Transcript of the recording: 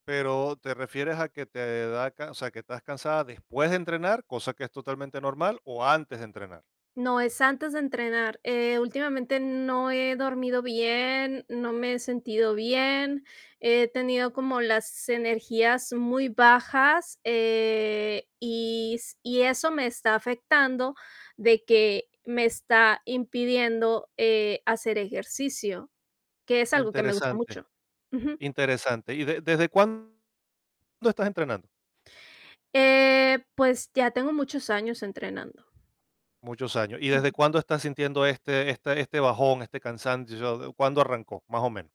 Pero te refieres, a que te da can O sea, que estás cansada después de entrenar, cosa que es totalmente normal, o antes de entrenar. No, es antes de entrenar. Eh, últimamente, no he dormido bien, no me he sentido bien. He tenido como las energías muy bajas, eh, y s y eso me está afectando, de que me está impidiendo, eh, hacer ejercicio, que es algo, que me gusta Interesante. mucho. Ujú. Interesante. ¿Y de desde cuándo estás entrenando? Eh, pues ya tengo muchos años entrenando. Muchos años. ¿Y desde Ujú. cuándo estás sintiendo este este este bajón, este cansancio? ¿Cuándo arrancó, más o menos?